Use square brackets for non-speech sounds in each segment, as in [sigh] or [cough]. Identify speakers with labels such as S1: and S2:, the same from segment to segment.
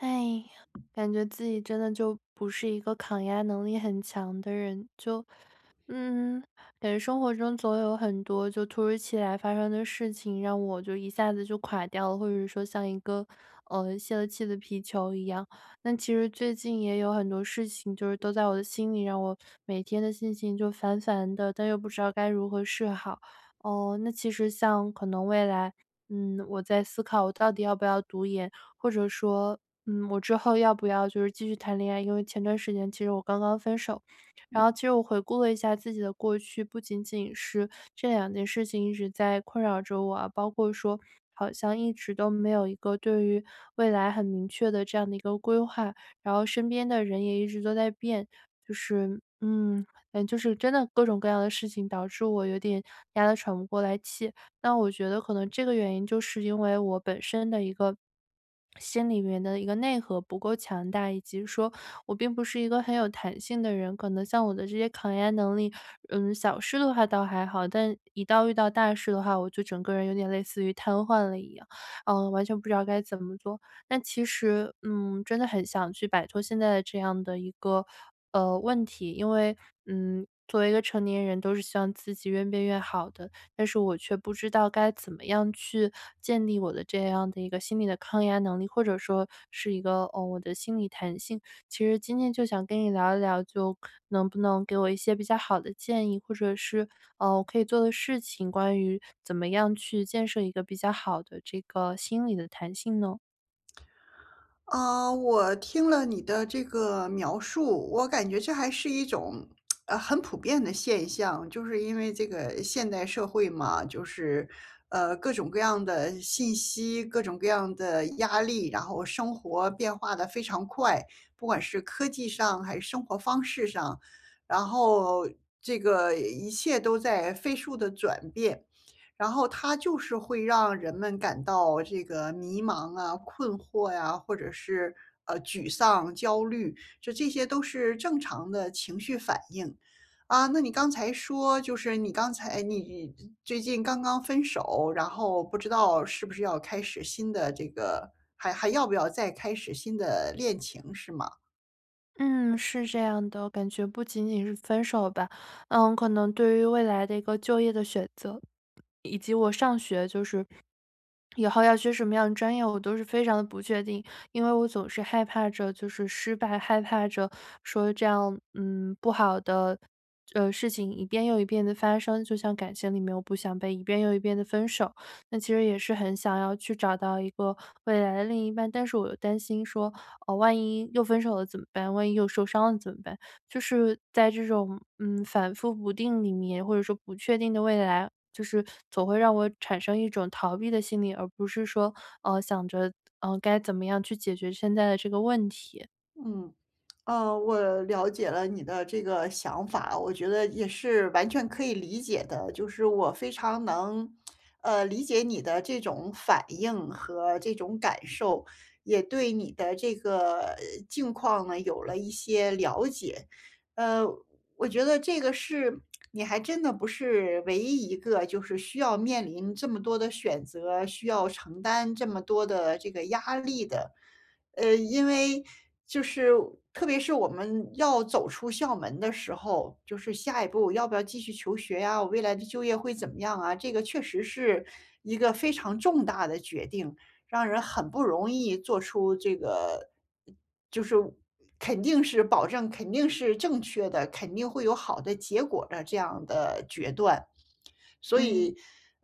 S1: 哎，感觉自己真的就不是一个抗压能力很强的人，就嗯，感觉生活中总有很多就突如其来发生的事情让我就一下子就垮掉了，或者是说像一个，呃，泄了气的皮球一样。那其实最近也有很多事情就是都在我的心里，让我每天的心情就烦烦的，但又不知道该如何是好。呃，那其实像可能未来，嗯，我在思考我到底要不要读研，或者说，嗯，我之后要不要就是继续谈恋爱，因为前段时间其实我刚刚分手。
S2: 嗯。
S1: 然后其实我回顾了一下自己的过去不仅仅是这两件事情一直在困扰着我啊，包括说好像一直都没有一个对于未来很明确的这样的一个规划，然后身边的人也一直都在变，就是嗯，感觉就是真的各种各样的事情，导致我有点压得喘不过来气。那我觉得可能这个原因就是因为我本身的一个心里面的一个内核不够强大，以及说我并不是一个很有弹性的人，可能像我的这些抗压能力，嗯，小事的话倒还好，但一到遇到大事的话，我就整个人有点类似于瘫痪了一样，呃，完全不知道该怎么做。但其实，嗯，真的很想去摆脱现在这样的一个，呃，问题，因为，嗯，作为一个成年人都是希望自己越变越好的，但是我却不知道该怎么样去建立我的这样的一个心理的抗压能力，或者说是一个，哦，我的心理弹性。其实今天就想跟你聊一聊，就能不能给我一些比较好的建议？或者是，呃，我可以做的事情，关于怎么样去建设一个比较好的这个心理的弹性呢？
S2: 呃，我听了你的这个描述，我感觉这还是一种，[tsk] 呃，很普遍的现象。就是因为这个现代社会嘛，就是，呃，各种各样的信息，各种各样的压力，然后生活变化得非常快，不管是科技上还是生活方式上，然后这个一切都在飞速地转变。然后它就是会让人们感到这个迷茫啊、困惑呀，或者是，呃，沮丧、焦虑，就这些都是正常的情绪反应。啊，那你刚才说就是你刚才你最近刚刚分手，然后不知道是不是要开始新的这个还还要不要再开始新的恋情，是吗？
S1: 嗯，是这样的。我感觉不仅仅是分手吧，呃，可能对于未来的一个就业的选择，以及我上学就是以后要学什么样的专业，我都是非常地不确定。因为我总是害怕着就是失败，害怕着说这样，嗯，不好的，呃，事情一遍又一遍地发生。就像感情里面我不想被一遍又一遍地分手，那其实也是很想要去找到一个未来的另一半。但是我又担心说，呃，万一又分手了怎么办？万一又受伤了怎么办？就是在这种，嗯，反复不定里面，或者说不确定的未来，就是总会让我产生一种逃避的心理，而不是说，呃，想着，呃，该怎么样去解决现在的这个问题。
S2: 嗯，呃，我了解了你的这个想法，我觉得也是完全可以理解的，就是我非常能，呃，理解你的这种反应和这种感受，也对你的这个，呃，境况呢有了一些了解。呃，我觉得这个是 [tsk] 你还真的不是唯一一个就是需要面临这么多的选择，需要承担这么多的这个压力的。呃，因为就是特别是我们要走出校门的时候，就是下一步要不要继续求学呀，我未来的就业会怎么样啊？这个确实是一个非常重大的决定，让人很不容易做出这个就是，呃，肯定是保证肯定是正确的，肯定会有好的结果的这样的决断。所
S1: 嗯。
S2: 以，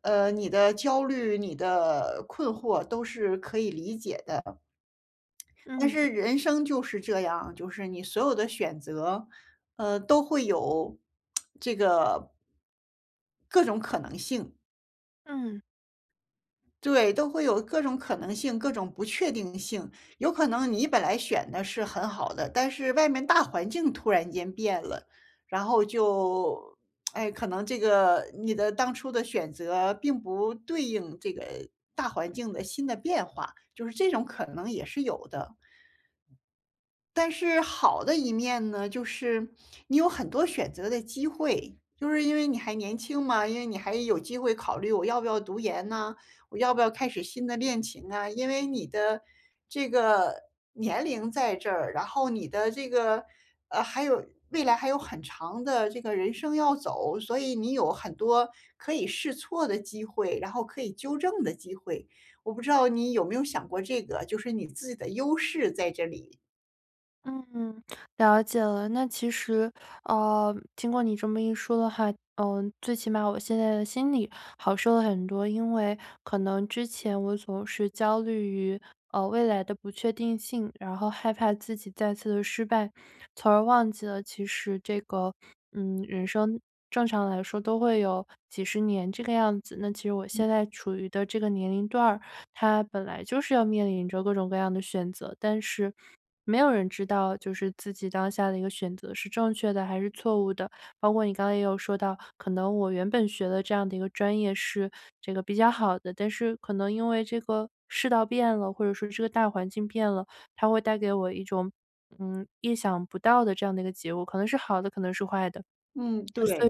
S2: 呃，你的焦虑、你的困惑都是可以理解的，嗯。但
S1: 嗯。
S2: 是人生就是这样，就是你所有的选择，呃，都会有 [tsk] 这个各种可能性。
S1: 嗯。
S2: 对，都会有各种可能性，各种不确定性。有可能你本来选的是很好的，但是外面大环境突然间变了，然后就 [smacks lips] 哎，可能这个你的当初的选择并不对应这个大环境的新的变化，就是这种可能也是有的。但是好的一面呢，就是你有很多选择的机会，就是因为你还年轻嘛，因为你还有机会考虑我要不要读研呢？我要不要开始新的恋情啊？因为你的这个年龄在这儿，然后你的这个呃，还有未来还有很长的这个人生要走，所以你有很多可以试错的机会，然后可以纠正的机会，我不知道你有没有想过这个？就是你自己的优势在这里。
S1: 嗯，了解了。那其实呃，听过你这么一说的话，呃，最起码我现在的心里好受了很多，因为可能之前我总是焦虑于，呃，未来的不确定性，然后害怕自己再次地失败，从而忘记了其实这个嗯，人生正常来说都会有几十年这个样子。那其实我
S2: 嗯。
S1: 现在处于的这个年龄段儿，它本来就是要面临着各种各样的选择，但是没有人知道就是自己当下的一个选择是正确的还是错误的。包括你刚才也有说到，可能我原本学的这样的一个专业是这个比较好的，但是可能因为这个世道变了，或者说这个大环境变了，它会带给我一种，嗯，意想不到的这样的一个结果，可能是好的，可能是坏的。
S2: 嗯，
S1: 所
S2: 对。
S1: 以说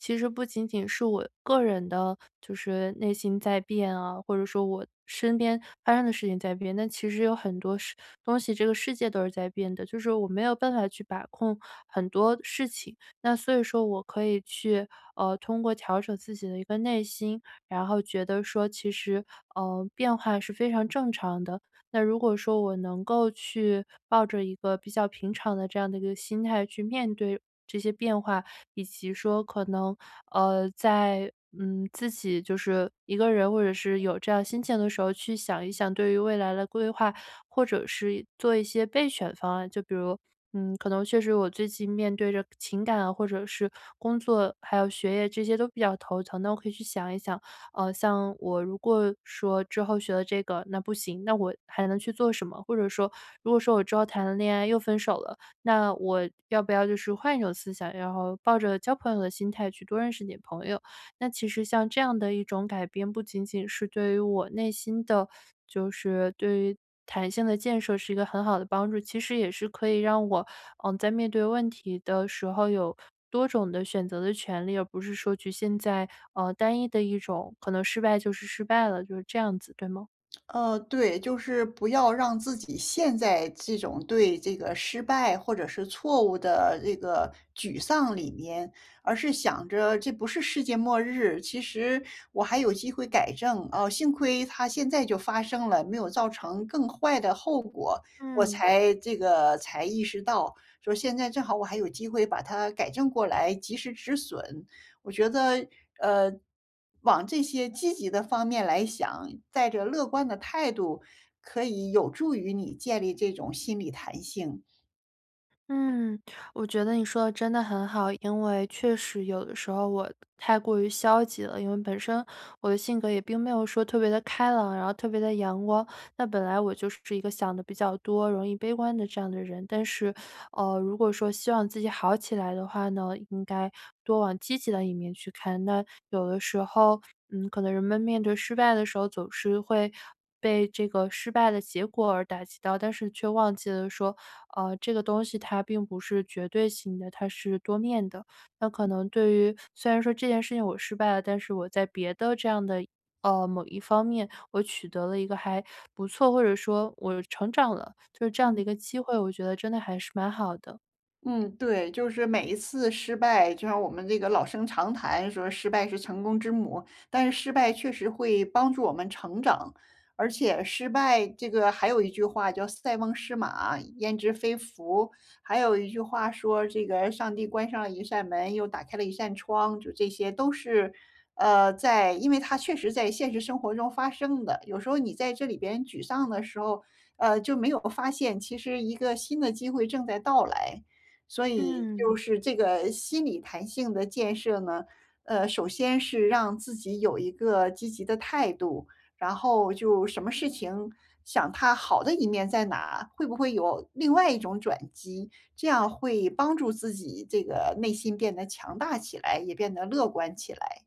S1: 其实不仅仅是我个人的，就是内心在变啊，或者说我身边发生的事情在变，那其实有很多事东西，这个世界都是在变的，就是我没有办法去把控很多事情。那所以说我可以去，呃，通过调整自己的一个内心，然后觉得说其实，呃，变化是非常正常的。那如果说我能够去抱着一个比较平常的这样的一个心态去面对这些变化，以及说可能，呃，在嗯，自己就是一个人，或者是有这样心情的时候去想一想，对于未来的规划，或者是做一些备选方案。就比如，嗯，可能确实我最近面对着情感或者是工作，还有学业这些都比较头疼，那我可以去想一想，呃，像我如果说之后学了这个那不行，那我还能去做什么？或者说如果说我之后谈了恋爱又分手了，那我要不要就是换一种思想，然后抱着交朋友的心态去多认识点朋友。那其实像这样的一种改变，不仅仅是对于我内心的就是对于弹性的建设是一个很好的帮助，其实也是可以让我，呃，在面对问题的时候有多种的选择的权利，而不是说局限在，呃，单一的一种可能失败就是失败了，就是这样子，对吗？
S2: 呃，对。就是不要让自己陷在这种对这个失败或者是错误的这个沮丧里面，而是想着这不是世界末日，其实我还有机会改正。啊，幸亏它现在就发生了，没有造成更坏的后果，我
S1: 嗯。
S2: 才这个才意识到，说现在正好我还有机会把它改正过来，及时止损。我觉得，呃，往这些积极的方面来想，带着乐观的态度可以有助于你建立这种心理弹性。
S1: 嗯，我觉得你说得真的很好，因为确实有的时候我都太过于消极了，因为本身我的性格也并没有说特别地开朗、然后特别地阳光，那本来我就是一个想得比较多、容易悲观的这样的人，但是，呃，如果说希望自己好起来的话呢，应该多往积极的一面去看。那有的时候，嗯，可能人们失败的时候总是会被这个失败的结果而打击到，但是却忘记了说，呃，这个东西它并不是绝对性的，它是多面的，那可能对于虽然说这件事情我失败了，但是我在别的这样的呃，某一方面我取得了一个还不错或者说我成长了，就是这样
S2: 嗯。
S1: 的一个机会，我觉得真的还是蛮好的。
S2: 嗯，对。就是每一次失败，就像我们这个老生常谈说失败是成功之母，但是失败确实会帮助我们成长。而且失败这个还有一句话叫“塞翁失马，焉之非福”。还有一句话说这个“上帝关上了一扇门，又打开了一扇窗”。就这些都是，呃，在因为它确实在现实生活中发生的，有时候你在这里边沮丧的时候，呃，就没有发现其实一个新的机会正在到来。所以，
S1: 嗯。
S2: 就是这个心理弹性的建设呢？呃，首先是让自己有一个积极的态度，然后就什么事情想它好的一面在哪，会不会有另外一种转机。这样会帮助自己这个内心变得强大起来，也变得乐观起来。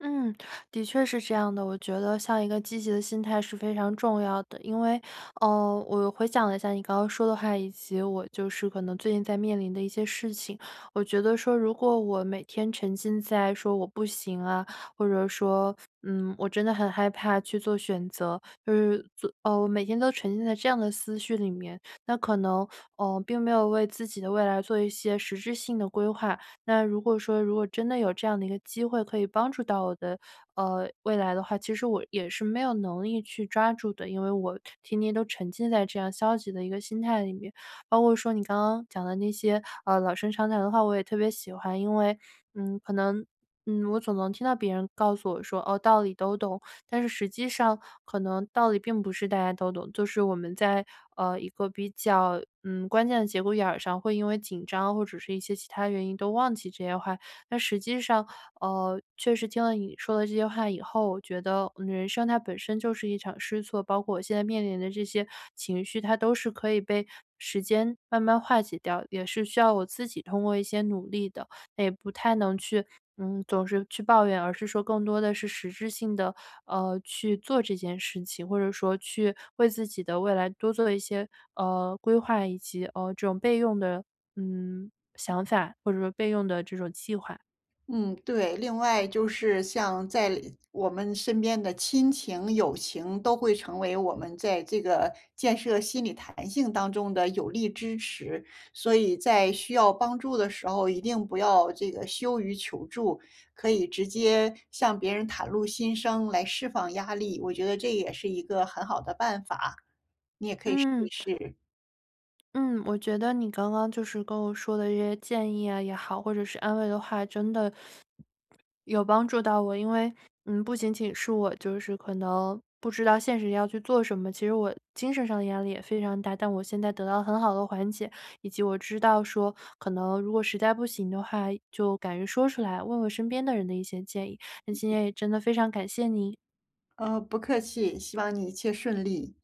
S1: 嗯，的确是这样的，我觉得像一个积极的心态是非常重要的。因为，呃，我回想了一下你刚刚说的话，以及我就是可能最近在面临的一些事情。我觉得说如果我每天沉浸在说我不行啊，或者说，嗯，我真的很害怕去做选择。呃，做哦，我每天都沉浸在这样的思绪里面，那可能，呃，并没有为自己的未来做一些实质性的规划。那如果说如果真的有这样的一个机会，可以帮助到我的，呃，未来的话，其实我也是没有能力去抓住的，因为我天天都沉浸在这样消极的一个心态里面。包括说你刚刚讲的那些，呃，老生常谈的话，我也特别喜欢。因为，嗯，可能，嗯，我总能听到别人告诉我说，哦，道理都懂，但是实际上可能道理并不是大家都懂，就是我们在，呃，一个比较，嗯，关键的节骨眼儿上，会因为紧张或者是一些其它原因都忘记这些话。但实际上，呃，确实听了你说的这些话以后，我觉得人生它本身就是一场试错，包括我现在面临的这些情绪，它都是可以被时间慢慢化解掉，也是需要我自己通过一些努力的，那也不太能去嗯，总是去抱怨，而是说更多的是实质性的，呃，去做这件事情，或者说去为自己的未来多做一些，呃，规划以及，呃，这种备用的，嗯，想法或者说备用的这种计划。
S2: 嗯，对。另外就是像在我们身边的亲情友情都会成为我们在这个建设心理弹性当中的有力支持。所以在需要帮助的时候，一定不要这个羞于求助，可以直接向别人袒露心声来释放压力。我觉得这也是一个很好的办法，你也可以试一
S1: 嗯。
S2: 试。
S1: 嗯，我觉得你刚刚就是跟我说的这些建议呀也好，或者是安慰的话，真的 [swallows] 有帮助到我。因为，嗯，不仅仅是我就是可能不知道现实要去做什么，其实我精神上的压力也非常大，但我现在得到了很好的缓解。以及我知道说，可能如果实在不行的话，就敢于说出来，问问身边的人的一些建议，那今天也真的非常感谢您。
S2: 嗯，不客气，希望你一切顺利。